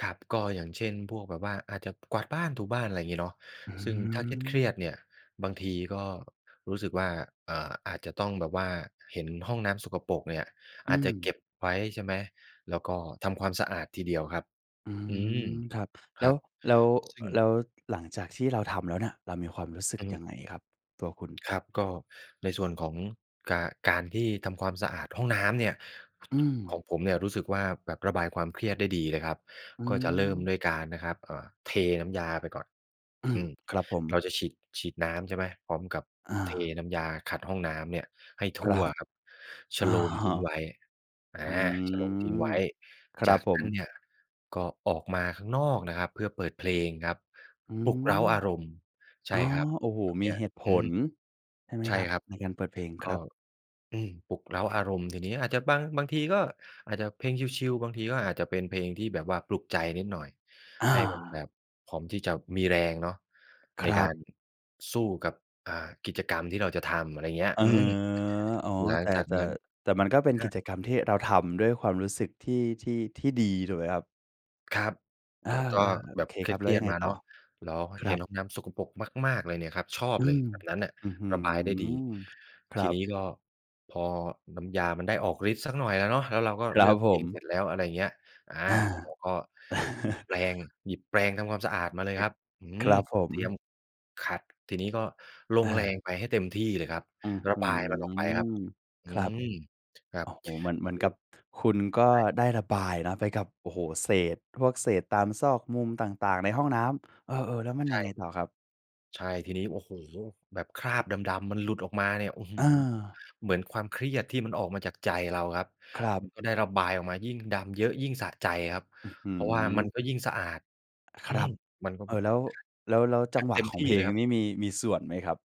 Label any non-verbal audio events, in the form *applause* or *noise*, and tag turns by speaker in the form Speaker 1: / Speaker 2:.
Speaker 1: ครับ ก็อย่างเช่นพวกแบบว่า อาจจะกวาดบ้าน ถูบ้าน อะไรอย่างงี้เนาะ
Speaker 2: อื
Speaker 1: ซึ่งถ้าเครียด
Speaker 2: ม
Speaker 1: ๆ เนี่ยบางทีก็รู้สึกว่า เอ่อ อาจจะต้องแบบว่าเห็นห้องน้ำสกปรกเนี่ย
Speaker 2: อ
Speaker 1: อ
Speaker 2: ื
Speaker 1: าจจะเก
Speaker 2: ม
Speaker 1: ็บไว้ ใช่ไหม แล้วก็ทำความสะอาดทีเดียวครับ
Speaker 2: อื
Speaker 1: อืม
Speaker 2: ม ครับ
Speaker 1: ค
Speaker 2: แล
Speaker 1: ร
Speaker 2: ้
Speaker 1: ั
Speaker 2: ว
Speaker 1: บ
Speaker 2: แล้ว
Speaker 1: ซึ่ง
Speaker 2: แล้ว หลังจากที่เราทำแล้วเนี่ย เรามีความรู้สึก
Speaker 1: อื
Speaker 2: ยั
Speaker 1: ม
Speaker 2: งไงครับ ตัวคุณ?
Speaker 1: ครับ ก็ในส่วนของกา การที่ทำความสะอาดห้องน้ำเนี่ย
Speaker 2: อื
Speaker 1: ข
Speaker 2: ม
Speaker 1: องผมเนี่ยรู้สึกว่าแบบระบายความเครียดได้ดีเลยครับ
Speaker 2: อื
Speaker 1: ก็จะเริ่ม
Speaker 2: ม
Speaker 1: ด้วยการนะครับ เอ่อ เทน้ำยาไปก่อน
Speaker 2: อื
Speaker 1: อ
Speaker 2: ม
Speaker 1: ืม
Speaker 2: ครับผ
Speaker 1: เร
Speaker 2: ม
Speaker 1: าจะฉีด ฉีดน้ำ ใช่ไหม พร้อมกับ
Speaker 2: อ
Speaker 1: เท
Speaker 2: า
Speaker 1: น้ำยาขัดห้องน้ำเนี่ยให้ท
Speaker 2: คร
Speaker 1: ั่
Speaker 2: ั
Speaker 1: ว
Speaker 2: บ
Speaker 1: ครับ ช
Speaker 2: อะ
Speaker 1: โลม
Speaker 2: ฮ
Speaker 1: ทิ
Speaker 2: ะ
Speaker 1: ้งไว้ อา
Speaker 2: อื
Speaker 1: ชโลมทิ้งไว
Speaker 2: ม
Speaker 1: ้
Speaker 2: คร
Speaker 1: จ
Speaker 2: ั
Speaker 1: า
Speaker 2: บ
Speaker 1: ก
Speaker 2: ผ
Speaker 1: นั
Speaker 2: ม
Speaker 1: ้นเนี่ยก็ออกมาข้างนอกนะครับ เพื่อเปิดเพลง
Speaker 2: อ
Speaker 1: ครับ
Speaker 2: ื
Speaker 1: ปลุกเร้า
Speaker 2: ม
Speaker 1: อารมณ์ ใช
Speaker 2: อ๋อ
Speaker 1: ่ครับ
Speaker 2: โอ้โฮ
Speaker 1: แบบ
Speaker 2: ม
Speaker 1: เน
Speaker 2: ี
Speaker 1: ี้ย
Speaker 2: เหตุผ
Speaker 1: อืม
Speaker 2: ล ใช่ไหม
Speaker 1: ใช
Speaker 2: ค
Speaker 1: ่
Speaker 2: รับ?
Speaker 1: ครับ
Speaker 2: ในการเปิดเพลง
Speaker 1: ก
Speaker 2: ค
Speaker 1: ็
Speaker 2: รับ
Speaker 1: อืม ปลุกเร้าอารมณ์ ทีนี้อาจจะบาง บางทีก็อาจจะเพลงชิล ๆ บางทีก็อาจจะเป็นเพลงที่แบบว่าปลุกใจนิดหน่อย
Speaker 2: อ
Speaker 1: ให
Speaker 2: า
Speaker 1: ้มันแบบพร้อมที่จะมีแรงเนาะใ
Speaker 2: ค
Speaker 1: น
Speaker 2: ร
Speaker 1: ก
Speaker 2: ั
Speaker 1: า
Speaker 2: บ
Speaker 1: รสู้กับ อ่า กิจกรรมที่เราจะทำ อะไรอย่างเงี้ย
Speaker 2: เออ
Speaker 1: อืม
Speaker 2: อ๋อ
Speaker 1: หลั
Speaker 2: แ
Speaker 1: ง
Speaker 2: ต่
Speaker 1: จาก
Speaker 2: แต่
Speaker 1: นั้น
Speaker 2: แต่มันก็เป็น
Speaker 1: อ
Speaker 2: กิ
Speaker 1: า
Speaker 2: จกรรมที่เราทำด้วยความรู้สึกที่ ที่ ที่ดี ถูกไหมครับ?
Speaker 1: ครับ
Speaker 2: เออ
Speaker 1: ก็ ก็
Speaker 2: ๆ โ
Speaker 1: แ
Speaker 2: อ
Speaker 1: บบ
Speaker 2: เค
Speaker 1: เค
Speaker 2: ครับ แล้
Speaker 1: ร
Speaker 2: ว
Speaker 1: ี
Speaker 2: ย
Speaker 1: ย
Speaker 2: ั
Speaker 1: ด
Speaker 2: งไง
Speaker 1: ๆ มา
Speaker 2: ต
Speaker 1: เ
Speaker 2: ่
Speaker 1: นา
Speaker 2: อ?
Speaker 1: ะ เราก็
Speaker 2: ค
Speaker 1: เ
Speaker 2: ร
Speaker 1: ห็
Speaker 2: ั
Speaker 1: น
Speaker 2: บ
Speaker 1: ห้องน้ำสกปรกมาก ๆ เลยเนี่ยครับ ชอบ
Speaker 2: อื
Speaker 1: เลย
Speaker 2: ม
Speaker 1: แบบนั้นน่ะ
Speaker 2: อื้อฮื
Speaker 1: ระบายได้ดี
Speaker 2: อ ค
Speaker 1: ท
Speaker 2: ร
Speaker 1: ี
Speaker 2: ั
Speaker 1: น
Speaker 2: บ
Speaker 1: ี้ก็ พอน้ำยามันได้ออกฤทธิ์สักหน่อยแล้วเนาะ แล้วเราก็
Speaker 2: ค
Speaker 1: เ
Speaker 2: ร
Speaker 1: ล
Speaker 2: ั
Speaker 1: ื
Speaker 2: บ
Speaker 1: อกเ
Speaker 2: ผ
Speaker 1: พลงเส
Speaker 2: ม
Speaker 1: ร็จแล้ว อะไรอย่างเงี้ย อ่า
Speaker 2: อ
Speaker 1: เร
Speaker 2: า
Speaker 1: าก็หยิบแปรง
Speaker 2: *chuckles*
Speaker 1: หยิบแปรงทำความสะอาดมาเล
Speaker 2: เฮ
Speaker 1: ย
Speaker 2: ้
Speaker 1: ค
Speaker 2: ย
Speaker 1: รับ อื
Speaker 2: ค
Speaker 1: ม
Speaker 2: รับผ
Speaker 1: เตรีย
Speaker 2: ม
Speaker 1: มขัด ทีนี้ก็ลงแรง
Speaker 2: เออ
Speaker 1: ไปให้เต็มที่เลยครับ
Speaker 2: อื้อ
Speaker 1: ระ
Speaker 2: ฮื
Speaker 1: บายมันออกไปครับ
Speaker 2: อ
Speaker 1: อื
Speaker 2: ครับ
Speaker 1: ม ครั
Speaker 2: โอ
Speaker 1: บ
Speaker 2: ้โฮ เหมือน
Speaker 1: ท
Speaker 2: เห
Speaker 1: ี
Speaker 2: มือน
Speaker 1: นี
Speaker 2: ก
Speaker 1: ้
Speaker 2: ับคุณก็
Speaker 1: ใช่
Speaker 2: ได้ระบายนะไปกับ โอ้โฮ เศษ พวกเศษตามซอกมุมต่าง ๆ ในห้องน้ำ เออ ๆ แล้วมัน
Speaker 1: ใช
Speaker 2: ยังไง
Speaker 1: ่
Speaker 2: ต่อครับ?
Speaker 1: ใช่ ทีนี้ โอ้โฮ แบบคราบดำ ๆ มันหลุดออกมาเนี่ย อื้อฮือ
Speaker 2: เออ
Speaker 1: เหมือนความเครียดที่มันออกมาจากใจเราครับ
Speaker 2: ครับ
Speaker 1: มันก็ได้ระบายออกมา ยิ่งดำเยอะยิ่งสะใจครับ
Speaker 2: อื้อฮื
Speaker 1: เพราะว่ามันก็
Speaker 2: อ
Speaker 1: ยิ่งสะอาด
Speaker 2: ค
Speaker 1: อื
Speaker 2: รั
Speaker 1: ม
Speaker 2: บ
Speaker 1: มันก็
Speaker 2: เอ
Speaker 1: แบ
Speaker 2: ่อ
Speaker 1: บ
Speaker 2: แล้ว แล้ว แล้วจ
Speaker 1: แบ
Speaker 2: ัง
Speaker 1: บ
Speaker 2: หว
Speaker 1: เ
Speaker 2: ะ
Speaker 1: ต็ม
Speaker 2: ข
Speaker 1: ท
Speaker 2: อง
Speaker 1: ี่
Speaker 2: เพล
Speaker 1: เล
Speaker 2: ง
Speaker 1: ยครับ
Speaker 2: นี้มี มีส่วนไหมครับ?